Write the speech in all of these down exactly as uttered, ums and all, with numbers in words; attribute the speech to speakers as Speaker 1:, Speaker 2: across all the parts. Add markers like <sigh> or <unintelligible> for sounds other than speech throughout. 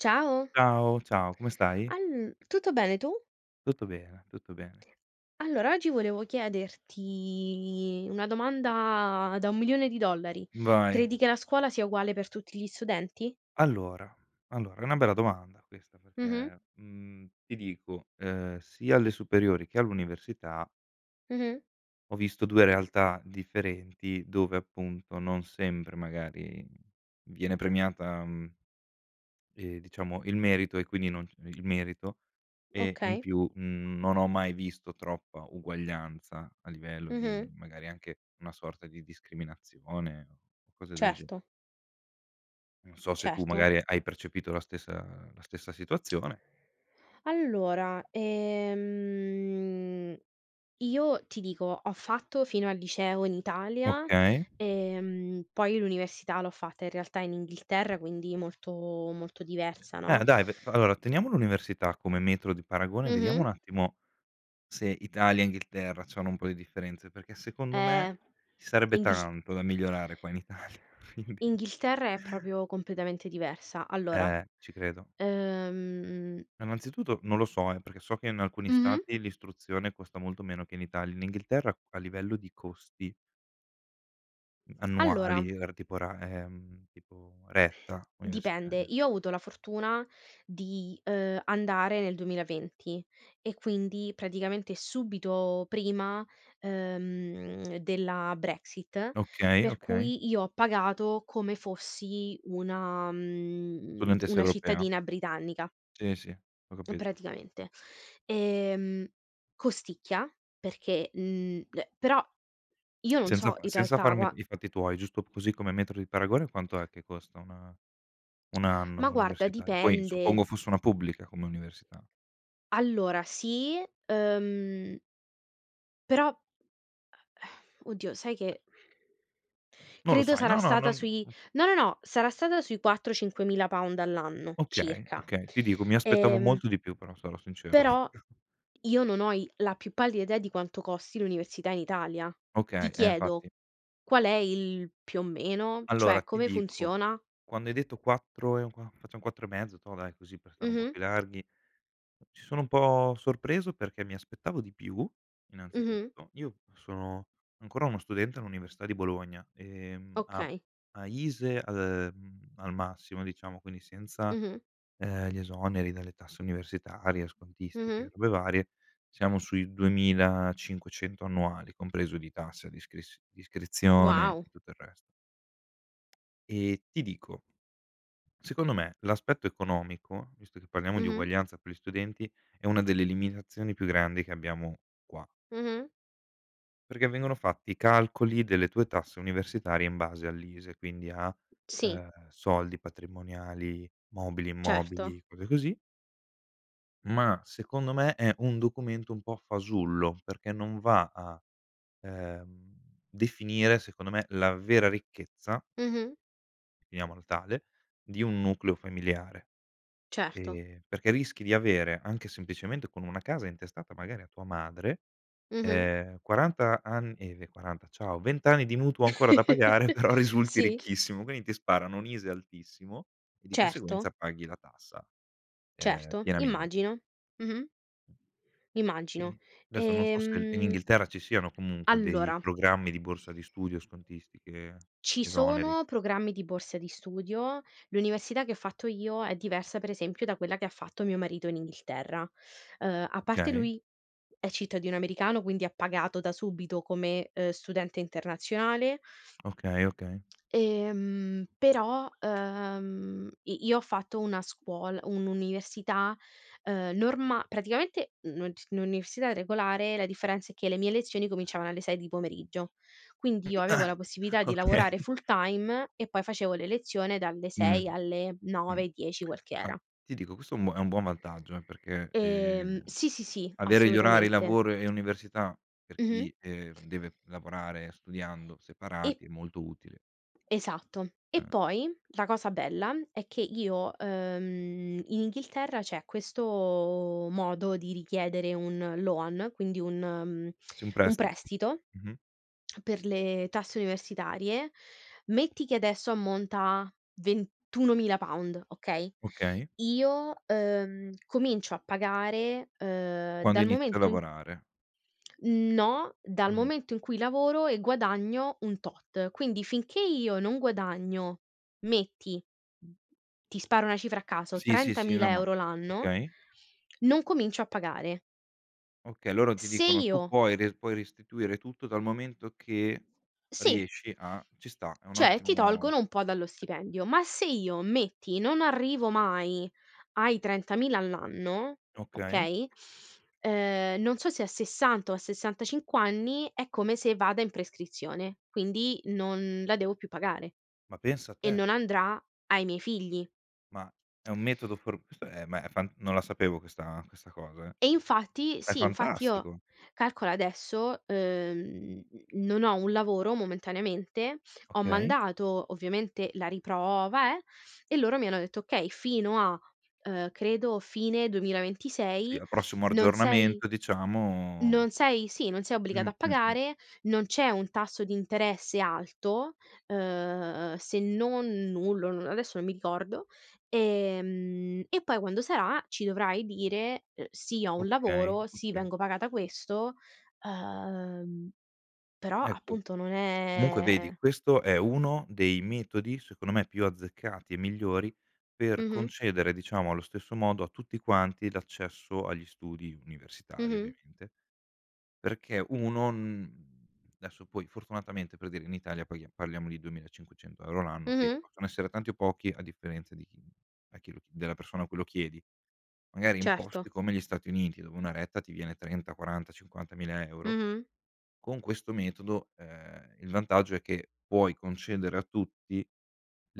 Speaker 1: Ciao.
Speaker 2: Ciao, ciao, come stai?
Speaker 1: All tutto bene, tu?
Speaker 2: Tutto bene, tutto bene.
Speaker 1: Allora, oggi volevo chiederti, una domanda da un milione di dollari:
Speaker 2: Vai.
Speaker 1: credi che la scuola sia uguale per tutti gli studenti?
Speaker 2: Allora, allora, è una bella domanda questa,
Speaker 1: Mh-mh.
Speaker 2: perché, mhmm, ti dico, ehm, sia alle superiori, che all'università
Speaker 1: Mh-mh.
Speaker 2: ho visto due realtà differenti, dove, appunto, non sempre, magari, viene premiata, mhmm e, diciamo, il merito, e quindi, non il merito, e, in
Speaker 1: Okay.
Speaker 2: più, mhmm, non ho mai visto troppa uguaglianza, a livello di,
Speaker 1: Mh-mh.
Speaker 2: magari, anche, una sorta di discriminazione, o cose del gener
Speaker 1: Certo.
Speaker 2: Non so se tu,
Speaker 1: Certo.
Speaker 2: magari, hai percepito la stessa la stessa situazione
Speaker 1: Allora, ehm, io ti dico, ho fatto fino al liceo in Italia,
Speaker 2: Okay.
Speaker 1: ehm, poi, l'università l'ho fatta, in realtà, in Inghilterra, quindi, molto molto diversa, no.
Speaker 2: Eh, dai ve v allora, teniamo l'università come metro di paragone, vediamo, un
Speaker 1: Mh-mh.
Speaker 2: attimo, se Italia, Inghilterra, c'hanno un po' di differenze, perché, secondo me,
Speaker 1: Eh,
Speaker 2: ci sarebbe
Speaker 1: Inghil
Speaker 2: tanto da migliorare, qua in Italia, quindi <chuckles>
Speaker 1: Inghilterra è, propio, completamente diversa. Allora,
Speaker 2: Eh, ci credo.
Speaker 1: ehm
Speaker 2: annanzituto non lo so, eh, perché so che, in alcuni
Speaker 1: Mh-mh.
Speaker 2: stati, l'istruzione costa molto meno che in Itali in Inghilterra, a livello di costi mh annuali,
Speaker 1: Allora
Speaker 2: r tipo, ra ehm, tipo, retta,
Speaker 1: Dipende.
Speaker 2: universitaria.
Speaker 1: Io ho avuto la fortuna di, ehm, andare nel duemilaventi, e quindi, praticamente, subito prima, ehm, della Brexit,
Speaker 2: Okay,
Speaker 1: per
Speaker 2: okay.
Speaker 1: cui, io ho pagato come fossi una mhmm,
Speaker 2: Studentessa
Speaker 1: una
Speaker 2: europea?
Speaker 1: cittadina britannica.
Speaker 2: Sì, sì, ho capit
Speaker 1: Praticamente. Ehm, costicchia, perché, mhmm, eh, però, io non
Speaker 2: Senza
Speaker 1: so,
Speaker 2: fa
Speaker 1: in
Speaker 2: senza
Speaker 1: realtà,
Speaker 2: farmi
Speaker 1: gua
Speaker 2: i fatti tuoi, giusto, così, come metro di paragone: quanto è che costa una un anno
Speaker 1: Ma guarda,
Speaker 2: universitario? Poi,
Speaker 1: dipende.
Speaker 2: suppongo, fosse una pubblica, come università.
Speaker 1: Allora, sì, ehm però <sighs> oddio, sai che
Speaker 2: Non lo
Speaker 1: credo
Speaker 2: sai
Speaker 1: sarà
Speaker 2: no no,
Speaker 1: stata
Speaker 2: non
Speaker 1: sui
Speaker 2: mh.
Speaker 1: no, no, no, sarà stata sui quattro, cinquemila pound all'anno,
Speaker 2: Okay,
Speaker 1: circa.
Speaker 2: okay. Ti dico, mi aspettavo
Speaker 1: Ehm
Speaker 2: molto di più però, sarò sincero.
Speaker 1: però,
Speaker 2: <chuckles>
Speaker 1: io non ho i la più pallida idea, di quanto costi l'università in Italia. Ti
Speaker 2: Okay, eh,
Speaker 1: chiedo,
Speaker 2: infatti.
Speaker 1: qual è il più o meno?
Speaker 2: Allora,
Speaker 1: Cioè,
Speaker 2: ti
Speaker 1: come
Speaker 2: dico,
Speaker 1: funziona?
Speaker 2: quando hai detto quattro e un qua facciam quattro e mezzo, toh, dai, così, per stare un po'
Speaker 1: Mh-mh.
Speaker 2: più larghi ci sono un po' sorpreso, perché, mi aspettavo di più,
Speaker 1: Mh-mh.
Speaker 2: innanzitutto. Io, sono ancora uno studente, all'Università di Bologna e, mhmm, a
Speaker 1: Okay.
Speaker 2: a ISEE al ehm, al massimo, diciamo, quindi senza,
Speaker 1: Mh-mh.
Speaker 2: ehm, gli esoneri dalle tasse universitarie, scontistiche, e
Speaker 1: Mh-mh.
Speaker 2: robe varie, siamo sui duemila cinquecento annuali, compreso di tassa d'iscris d'iscrizione,
Speaker 1: Wow!
Speaker 2: e tutto il rest E ti dico secondo me, l'aspetto economico, visto che parliamo di
Speaker 1: Mh-mh.
Speaker 2: uguaglianza per gli studenti, è una delle limitazioni più grandi, che abbiamo, qua.
Speaker 1: Mh-mh.
Speaker 2: Perché vengono fatti i calcoli, delle tue tasse universitarie, in base all'ISEE, quindi a
Speaker 1: Sì.
Speaker 2: ehm, soldi, patrimoniali, mobili,
Speaker 1: Certo.
Speaker 2: immobili, cose così ma, secondo me, è un documento un po' fasullo, perché non va a, ehm, definire, secondo me, la vera ricchezza
Speaker 1: Mh-mh.
Speaker 2: finiamolo tale, di un nucleo familiare,
Speaker 1: Certo.
Speaker 2: ehm, perché rischi di avere anche, semplicemente, con una casa intestata, magari, a tua madre,
Speaker 1: Mh-mh.
Speaker 2: ehm, quaranta an eh, via, quaranta, ciao, vent anni di mutuo ancora da pagare,
Speaker 1: <chuckles>
Speaker 2: però, risulti
Speaker 1: Sì.
Speaker 2: ricchissimo, quindi, ti sparano, un ISEE altissimo, e di conseguenza,
Speaker 1: Certo.
Speaker 2: paghi la tassa, ehm,
Speaker 1: Certo,
Speaker 2: pienamen
Speaker 1: immagino, mh-mh.
Speaker 2: E,
Speaker 1: Immagino,
Speaker 2: desso non so se l in
Speaker 1: ehm,
Speaker 2: Inghilterra ci siano, comunque, dei
Speaker 1: allora
Speaker 2: programmi, di borsa di studio, scontistiche,
Speaker 1: ci
Speaker 2: esoneri.
Speaker 1: sono programmi, di borse di studio. L'università che ho fatto io, è diversa, pre esempio, da quella che fatto mio marito in Inghilterra. Ehm, a parte,
Speaker 2: Okay.
Speaker 1: lui, è cittadino americano, quindi, ha pagato, da subito, come, ehm, studente internazionale
Speaker 2: Okay, okay.
Speaker 1: ehm, però, ehm, i io ho fatto una scuol un'università, ehm, norma praticamente, n non c n un'università regolare, la differenza è che, le mie lezioni, cominciavano alle sei di pomeriggio.
Speaker 2: <unintelligible>
Speaker 1: Quindi, io avevo la
Speaker 2: <chuckles>
Speaker 1: possibilità di lavorare
Speaker 2: Okay.
Speaker 1: full-time, e poi, facevo le lezione dalle
Speaker 2: Mh,
Speaker 1: sei alle
Speaker 2: mh.
Speaker 1: nove dieci quel che
Speaker 2: Ah,
Speaker 1: era.
Speaker 2: ti dico, questo è un è un buon vantaggio, eh, perché, ehm,
Speaker 1: Ehm, sì, sì, sì,
Speaker 2: avere gli orari
Speaker 1: assolutamente.
Speaker 2: lavoro e università, per
Speaker 1: Mh-mh.
Speaker 2: chi, ehm, deve lavorare, studiando,
Speaker 1: E
Speaker 2: separati, è molto utile.
Speaker 1: Esatto. E
Speaker 2: Mh.
Speaker 1: poi, la cosa bella, è che io ehm, in Inghilterra, c'è questo, modo, di richiedere un loan, quindi, un mhmm,
Speaker 2: Sì, un
Speaker 1: un
Speaker 2: prestito,
Speaker 1: prestito,
Speaker 2: mh-mh.
Speaker 1: per le tasse universitarie. Metti che, adesso, ammonta a, ventunomila pound, okay?
Speaker 2: Okay.
Speaker 1: Io, uhm, comincio a pagare, ehm,
Speaker 2: Quando
Speaker 1: dal
Speaker 2: inizio a
Speaker 1: momento in
Speaker 2: lavorare.
Speaker 1: No, dal
Speaker 2: Mh.
Speaker 1: momento in cui lavoro, e guadagno un tot. Quindi, finché io non guadagno, metti ti sparo una cifra a caso,
Speaker 2: Sì, sì, sì, no,
Speaker 1: trentamila
Speaker 2: ma
Speaker 1: euro l'anno,
Speaker 2: okay.
Speaker 1: non comincio a pagare.
Speaker 2: Okay, loro ti
Speaker 1: Se
Speaker 2: dicono: "Tu
Speaker 1: io
Speaker 2: puoi re puoi restituire tutto, dal momento che,
Speaker 1: Sì.
Speaker 2: riesci, a" ci sta, è un
Speaker 1: Cioè, ti
Speaker 2: ottimo
Speaker 1: tolgono un po' dallo stipendio. Ma se io, metti, non arrivo mai ai trentamila all'anno,
Speaker 2: Okay.
Speaker 1: okay ehm, non so se a sessanta, o a sessanta cinqu anni, è come se vada in prescrizione, quindi, non la devo più pagare,
Speaker 2: Ma pensa
Speaker 1: e
Speaker 2: te!
Speaker 1: non andrà ai miei figli.
Speaker 2: Ma, è un metodo for questo è ma, è fan non la sapevo questa questa cosa, eh.
Speaker 1: E infatti
Speaker 2: È
Speaker 1: Sì, infatti io
Speaker 2: fantastico!
Speaker 1: calcola, adesso, ehm, n non ho un lavoro, momentaneamente. Ho
Speaker 2: Okay.
Speaker 1: mandato, ovviamente, la riprova, eh, e loro mi hanno detto: "Okay fino a" ehm, credo, "fine duemila
Speaker 2: Sì,
Speaker 1: ventisei,
Speaker 2: al prossimo
Speaker 1: non sei
Speaker 2: argiornamento, diciamo
Speaker 1: non sei" sì, "non sei
Speaker 2: Mh,
Speaker 1: obbligata a
Speaker 2: mh, mh.
Speaker 1: pagare, non c'è un tasso di interesse alto" ehm, se non nullo, non adesso, non mi ricordo, ehm, "e poi, quando sarà, ci dovrai dire: "Sì, ho un
Speaker 2: Okay,
Speaker 1: lavoro, sì,
Speaker 2: okay.
Speaker 1: vengo pagata questo"" ehm, però,
Speaker 2: Ecco.
Speaker 1: appunto, non
Speaker 2: Comunque,
Speaker 1: è
Speaker 2: vedi, questo è uno dei metodi, secondo me, più azzeccati, e migliori, per
Speaker 1: Mh-mh.
Speaker 2: concedere, diciamo, allo stesso modo, a tutti quanti, l'accesso agli studi universitari,
Speaker 1: Mh-mh.
Speaker 2: ovviamente, perché, uno n desso poi, fortunatamente, per dire, in Italia, paghia parliamo di duemila e cinquecento euro l'anno, che,
Speaker 1: Mh-mh.
Speaker 2: possono essere tanti o pochi, a differenza di chi a chi l della persona a cui lo chiedi. Magari, in posti
Speaker 1: Certo.
Speaker 2: come gli Stati Uniti, dove una retta ti viene trenta, quaranta, cinquantamila euro,
Speaker 1: Mh-mh.
Speaker 2: con questo metodo, ehm, il vantaggio è che, puoi concedere a tutti,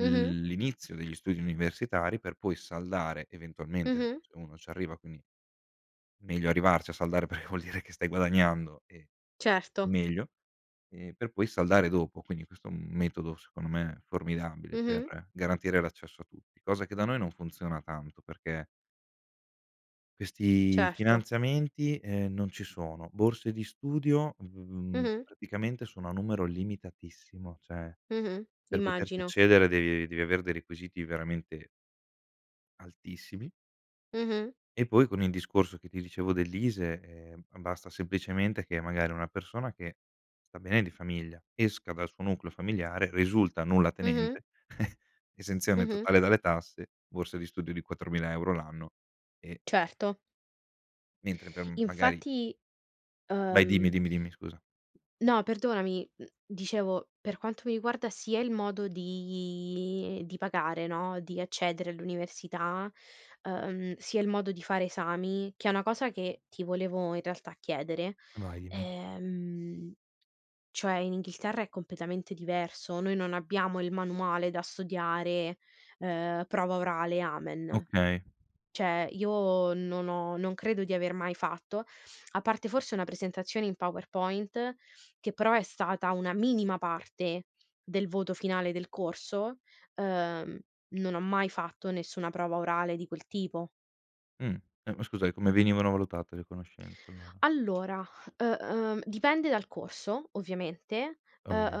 Speaker 1: Mh-mh.
Speaker 2: l'inizio degli studi universitari, per poi saldare, eventualmente,
Speaker 1: Mh-mh.
Speaker 2: s se uno c'arriva quindi, meglio arrivarci a saldare, perché vuol dire che stai guadagnando, e è
Speaker 1: Certo.
Speaker 2: meglio, e per poi saldare dopo. Quindi, questo è un metodo, secondo me, formidabile,
Speaker 1: Mh-mh.
Speaker 2: per garantire l'accesso a tutti, cosa che, da noi, non funziona tanto, perché questi
Speaker 1: Certo.
Speaker 2: finanziamenti, eh, non ci sono. Borse di studio, mhmm,
Speaker 1: Mh-mh.
Speaker 2: praticamente, sono a numero limitatissimo, ceh,
Speaker 1: Mh-mh.
Speaker 2: per poterci
Speaker 1: Immagino.
Speaker 2: accedere devi devi avere dei requisiti veramente altissimi.
Speaker 1: Mh-mh.
Speaker 2: E poi, con il discorso, che ti dicevo, dell'ISEE, eh, ma basta semplicemente che, magari, una persona che, sta bene di famiglia, esca dal suo nucleo familiare, risulta
Speaker 1: Mh-mh.
Speaker 2: nullatenente, <chuckles> esenzione
Speaker 1: Mh-mh.
Speaker 2: totale dalle tasse, borse di studio di quattromila euro l'anno, e
Speaker 1: Certo.
Speaker 2: Mentre, per, m magari
Speaker 1: Infatti,
Speaker 2: Vai, dimmi,
Speaker 1: ehm
Speaker 2: dimmi, dimmi, scusa.
Speaker 1: No, perdonami, mhmm, dicevo, per quanto mi riguarda, sia il modo di di pagare, no, di accedere all'università, ehm, sia il modo di fare esami, che è una cosa che ti volevo, in realtà, chiedere,
Speaker 2: Vai, dimmi.
Speaker 1: ehm, cioè, in Inghilterra, è completamente diverso. Noi non abbiamo il manuale da studiare, ehm, prova orale, amen.
Speaker 2: Okay.
Speaker 1: ceh, io non ho non credo di aver mai fatto, a parte, forse, una presentazione in PowerPoint, che, però, è stata una minima parte, del voto finale del corso, ehm, non ho mai fatto nessuna prova orale, di quel tipo.
Speaker 2: Mhmm, eh, ma scusa, e come venivano valutate le conoscenze, allora?
Speaker 1: Allora, uh uhm, dipende dal corso, ovviamente, uh
Speaker 2: Ovviamen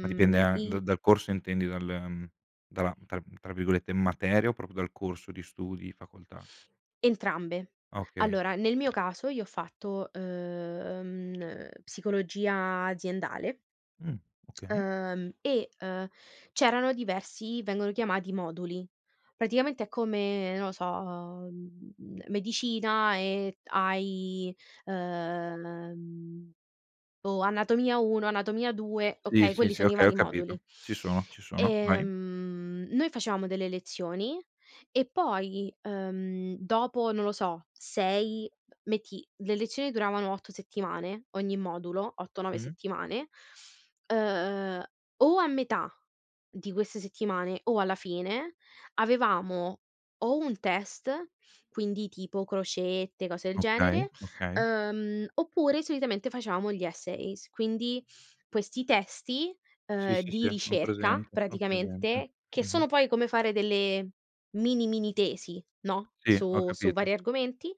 Speaker 2: ma dipende an da
Speaker 1: i
Speaker 2: dal corso intendi, dal mhmm, dalla tra tra virgolette, "materia" o proprio dal corso di studi, facoltà?
Speaker 1: Entrambe.
Speaker 2: Ah, okay.
Speaker 1: Allora, nel mio caso, io ho fatto, uhm uh, psicologia aziendale
Speaker 2: Mhmm, okay.
Speaker 1: ehm, e, uhm, c'erano diversi vengono chiamati moduli, praticamente, è come, non lo so, uhm, m medicina e, hai, ehm o anatomia uno, anatomia due,
Speaker 2: Sì,
Speaker 1: okay,
Speaker 2: sì,
Speaker 1: quelli
Speaker 2: sì,
Speaker 1: sono i
Speaker 2: okay, ho
Speaker 1: vari
Speaker 2: capito.
Speaker 1: moduli.
Speaker 2: Ci sono, ci sono, vai.
Speaker 1: Ehm, noi facevamo delle lezioni, e poi, ehm, dopo, non lo so, sei metti, le lezioni duravano otto settimane, ogni modulo, otto nove
Speaker 2: Mh-mh.
Speaker 1: settimane, uhm, o a metà, di queste settimane, o alla fine, avevamo, o un test, quindi, tipo, crocette, cose del
Speaker 2: Okay,
Speaker 1: genere,
Speaker 2: okay.
Speaker 1: ehm, oppure, solitamente, facevamo gli essays, quindi, questi testi,
Speaker 2: Sì,
Speaker 1: ehm,
Speaker 2: sì, sì,
Speaker 1: di
Speaker 2: ho
Speaker 1: ricerca,
Speaker 2: presente, ho presente.
Speaker 1: praticamente, che
Speaker 2: Mh-mh.
Speaker 1: sono poi come fare, delle, mini, mini tesi, no,
Speaker 2: Sì, ho
Speaker 1: su su
Speaker 2: capito.
Speaker 1: vari argomenti,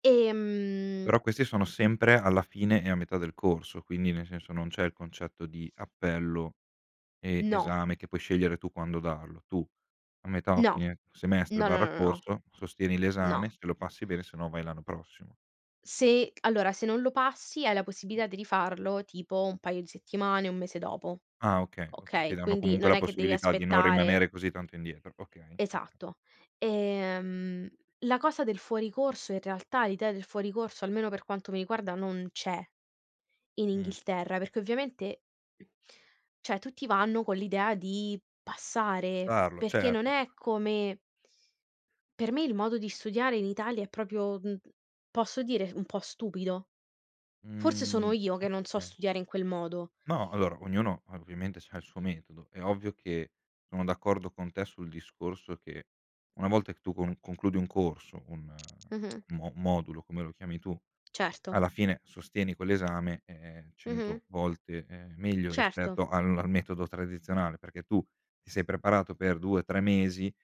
Speaker 1: ehm
Speaker 2: Però, questi sono sempre, alla fine, e a metà del corso, quindi, nel senso, non c'è il concetto di appello, e,
Speaker 1: No.
Speaker 2: esame, che puoi scegliere tu quando darlo. Tu, a metà o
Speaker 1: No.
Speaker 2: fine semestre
Speaker 1: No, no,
Speaker 2: barra
Speaker 1: no, no, no.
Speaker 2: corso, sostieni
Speaker 1: No.
Speaker 2: l'esame; se lo passi, bene, sennò, vai l'anno prossimo.
Speaker 1: Se allora, se non lo passi, hai la possibilità di rifarlo, tipo, un paio di settimane, un mese dopo,
Speaker 2: Ah, okay, oka ti
Speaker 1: okay,
Speaker 2: danno,
Speaker 1: quindi,
Speaker 2: comunque,
Speaker 1: non
Speaker 2: la
Speaker 1: è che devi
Speaker 2: possibilità di non
Speaker 1: aspettare
Speaker 2: rimanere così tanto indietro, okay, oka
Speaker 1: Esatto. Ehm, la cosa del fuori corso in realtà, l'idea del fuori corso, almeno, per quanto mi riguarda, non c'è, in
Speaker 2: Mh.
Speaker 1: Inghilterra, perché ovviamente ceh, tutti vanno con l'idea di passare,
Speaker 2: Farlo,
Speaker 1: perché, non
Speaker 2: certo.
Speaker 1: è come per me, il modo di studiare, in Italia, è propio, mhmm posso dire, un po' stupido. Forse, sono
Speaker 2: Mhmm,
Speaker 1: io, che non so
Speaker 2: oka
Speaker 1: studiare in quel modo.
Speaker 2: No, allora, ognuno, ovviamente, c'ha il suo metodo. È ovvio che, sono d'accordo con te, sul discorso che, una volta che tu con concludi un corso, un
Speaker 1: Mh-mh.
Speaker 2: un mo modulo, come lo chiami tu,
Speaker 1: Certo.
Speaker 2: alla fine sostieni quel' esame, è
Speaker 1: Mh-mh.
Speaker 2: cento volte, ehm, meglio
Speaker 1: Certo.
Speaker 2: rispetto al al metodo tradizionale, perché tu, ti sei preparato per due tre mesi,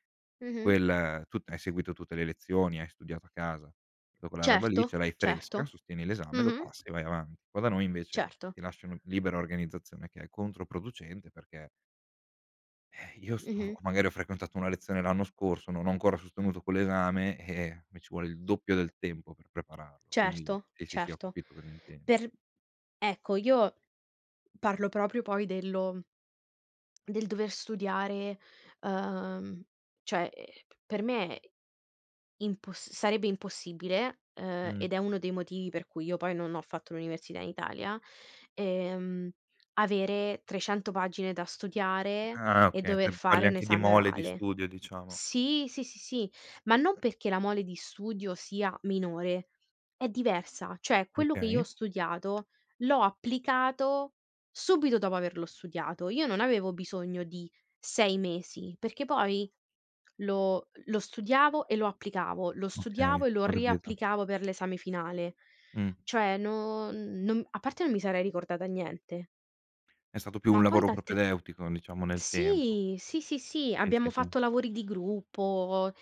Speaker 1: Mh-mh.
Speaker 2: quel tut hai seguito tutte le lezioni, hai studiato a casa, ta quella roba lì,
Speaker 1: Certo,
Speaker 2: ce l'hai fresca,
Speaker 1: certo.
Speaker 2: sostieni l'esame, lo
Speaker 1: Mh-mh.
Speaker 2: passi e vai avanti. Qua da noi, invece,
Speaker 1: Certo.
Speaker 2: ti lasciano libera organizzazione, che è controproducente, perché eh, io sto o
Speaker 1: Mh-mh.
Speaker 2: magari, ho frequentato una lezione l'anno scorso, non ho ancora sostenuto quell'esame, eh-eh, mi ci vuole il doppio del tempo per prepararlo quindi,
Speaker 1: Certo,
Speaker 2: sì, sì, sì, ho
Speaker 1: certo,
Speaker 2: capito cosa intendi.
Speaker 1: per ecco, io parlo propio, poi, dello del dover studiare, ehm, cioè, e p per me è imposs sarebbe impossibile, eh,
Speaker 2: Mh.
Speaker 1: ed è uno dei motivi per cui io, poi, non ho fatto l'università in Italia, ehm, avere trecento pagine da studiare,
Speaker 2: Ah,
Speaker 1: e
Speaker 2: okay.
Speaker 1: dover
Speaker 2: Te parli,
Speaker 1: fare un
Speaker 2: anche, di
Speaker 1: esame
Speaker 2: mole di
Speaker 1: orale.
Speaker 2: studio, diciamo.
Speaker 1: Sì, sì, sì, sì, ma non perché la mole di studio sia minore. È diversa. Cioè, quello che io ho
Speaker 2: Okay.
Speaker 1: studiato, l'ho applicato, subito dopo averlo studiato. Io non avevo bisogno di sei mesi, perché poi lo lo studiavo e lo applicavo, lo
Speaker 2: Okay,
Speaker 1: studiavo e lo
Speaker 2: ho capito.
Speaker 1: riapplicavo, pe l'esame finale.
Speaker 2: Mh.
Speaker 1: Cioè, no non a parte, non mi sarei ricordata niente
Speaker 2: È stato più
Speaker 1: ma
Speaker 2: un
Speaker 1: poi,
Speaker 2: lavoro
Speaker 1: tante
Speaker 2: propedeutico, diciamo, nel tempo.
Speaker 1: Sì, sì, sì, sì,
Speaker 2: Sì, sì,
Speaker 1: abbiamo
Speaker 2: sì.
Speaker 1: fatto lavori di gruppo,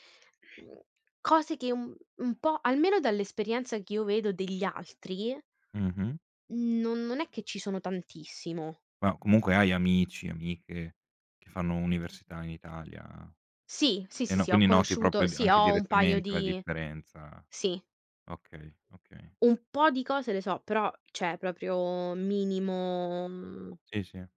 Speaker 1: mhmm cose che, un un po' almeno dall'esperienza, che io vedo, degli altri
Speaker 2: Mh-mh.
Speaker 1: n non è che ci sono tantissimo.
Speaker 2: Ma, comunque, hai amici, amiche, che fanno università in Italia
Speaker 1: Sì, sì,
Speaker 2: e,
Speaker 1: sì,
Speaker 2: no
Speaker 1: sì, ho
Speaker 2: quindi, noti, propio,
Speaker 1: conosciuto sì,
Speaker 2: anche
Speaker 1: ho un paio
Speaker 2: direttamente, la
Speaker 1: di
Speaker 2: differenza,
Speaker 1: Sì.
Speaker 2: okay okay.
Speaker 1: Un po' di cose le so, però, ceh, proprio, minimo, mhmm,
Speaker 2: Sì, sì.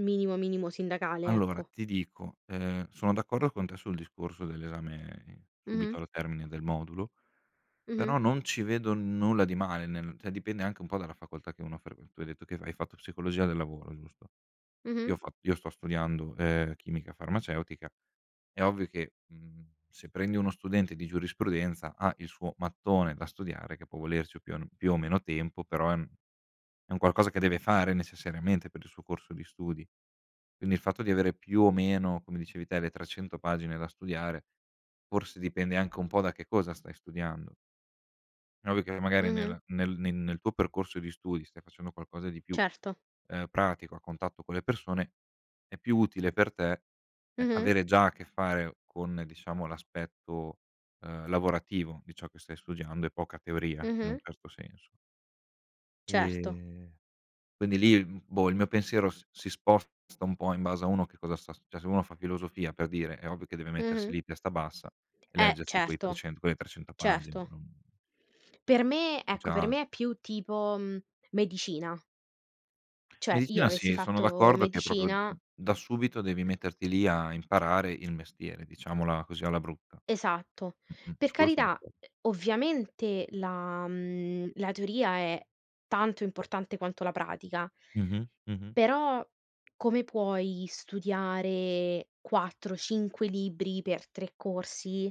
Speaker 1: minimo, minimo sindacale,
Speaker 2: Allora,
Speaker 1: ecco.
Speaker 2: ti dico, ehm, sono d'accordo con te, sul discorso dell'esame, i
Speaker 1: Mh-mh.
Speaker 2: subito, al termine del modulo,
Speaker 1: Mh-mh.
Speaker 2: però, non ci vedo nulla di male nel ceh, dipende anche un po' dalla facoltà che uno fre tu hai detto che f hai fatto psicologia del lavoro, giusto? Io
Speaker 1: Mh-mh.
Speaker 2: ho fa io sto studiando, ehm, chimica farmaceutica, è ovvio che, mhmm, se prendi uno studente di giurisprudenza, ha il suo mattone da studiare, che può volerci più an più o meno tempo, però, è un è un qualcosa che deve fare, necessariamente, per il suo corso di studi. Quindi, il fatto di avere, più o meno, come dicevi te, le trecento pagine da studiare, forse, dipende anche un po' da che cosa stai studiando. È ovvio che n magari,
Speaker 1: Mh-mh.
Speaker 2: nella nel nel nel tuo percorso di studi, stai facendo qualcosa di più,
Speaker 1: Certo.
Speaker 2: ehm, pratico, a contatto con le persone, è più utile per te, eh,
Speaker 1: Mh-mh.
Speaker 2: avere già a che fare con, diciamo, l'aspetto, ehm, lavorativo, di ciò che stai studiando, e poca teoria, in un
Speaker 1: Mh-mh.
Speaker 2: certo senso.
Speaker 1: Certo.
Speaker 2: E, quindi lì, l boh, il mio pensiero s si sposta un po', in base a uno che cosa sta st ceh, se uno fa filosofia, per dire, è ovvio che deve mettersi
Speaker 1: Mh-mh.
Speaker 2: lì, testa bassa, e
Speaker 1: Eh,
Speaker 2: leggersi quei
Speaker 1: certo,
Speaker 2: trecen, quelle trecento pagine,
Speaker 1: certo.
Speaker 2: non
Speaker 1: Per me
Speaker 2: non c'è
Speaker 1: ecco, per
Speaker 2: alt
Speaker 1: me è più, tipo, mhmm, medicina. Cioè, io,
Speaker 2: Medicina,
Speaker 1: avessi
Speaker 2: sì, sono
Speaker 1: fatto
Speaker 2: d'accordo che è, proprio, d d
Speaker 1: medicina
Speaker 2: da subito devi metterti lì, a imparare il mestiere, diciamola così, alla brutta.
Speaker 1: Esatto.
Speaker 2: Mh-mh,
Speaker 1: Per
Speaker 2: su quello son
Speaker 1: carità,
Speaker 2: d'accor
Speaker 1: uh, ovviamente, la mhmm la teoria, è tanto importante quanto la pratica
Speaker 2: Mh-mh. Mh-mh.
Speaker 1: però, come puoi studiare quattro cinque libri, per tre corsi,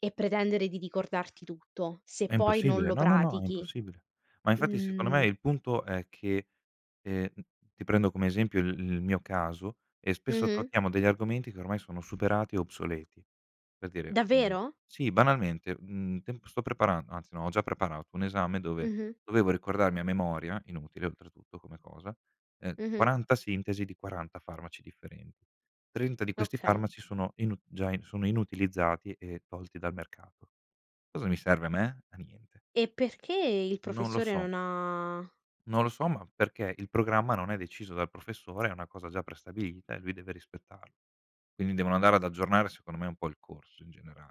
Speaker 1: e pretendere di ricordarti tutto, se
Speaker 2: È
Speaker 1: poi non
Speaker 2: impossibile.
Speaker 1: lo
Speaker 2: No, no, no, è
Speaker 1: pratichi?
Speaker 2: impossibile. Ma infatti, secondo me,
Speaker 1: Mhmm
Speaker 2: il punto è che ehm, ti prendo come esempio il il mio caso, e spesso
Speaker 1: Mh-mh.
Speaker 2: trattiamo degli argomenti, che ormai sono superati o obsoleti. Per dire, mhmm,
Speaker 1: Davvero?
Speaker 2: sì, banalmente, mhmm, temp sto preparan anzi no, ho già preparato un esame, dove
Speaker 1: Mh-mh.
Speaker 2: dovevo ricordarmi, a memoria- inutile oltretutto come cosa- ehm,
Speaker 1: Mh-mh.
Speaker 2: quaranta sintesi di quaranta farmaci differen trenta di questi
Speaker 1: Okay.
Speaker 2: farmaci sono inu già sono inutilizzati, e tolti dal mercato. Cosa mi serve a me? A niente.
Speaker 1: E perché, il
Speaker 2: Non lo
Speaker 1: professore,
Speaker 2: so.
Speaker 1: non ha
Speaker 2: Non lo so, ma, perché, il programma, non è deciso dal professore, è una cosa già prestabilita, e lui deve rispettarlo. Quindi, devono andare ad aggiornare, secondo me, un po' il corso, in generale.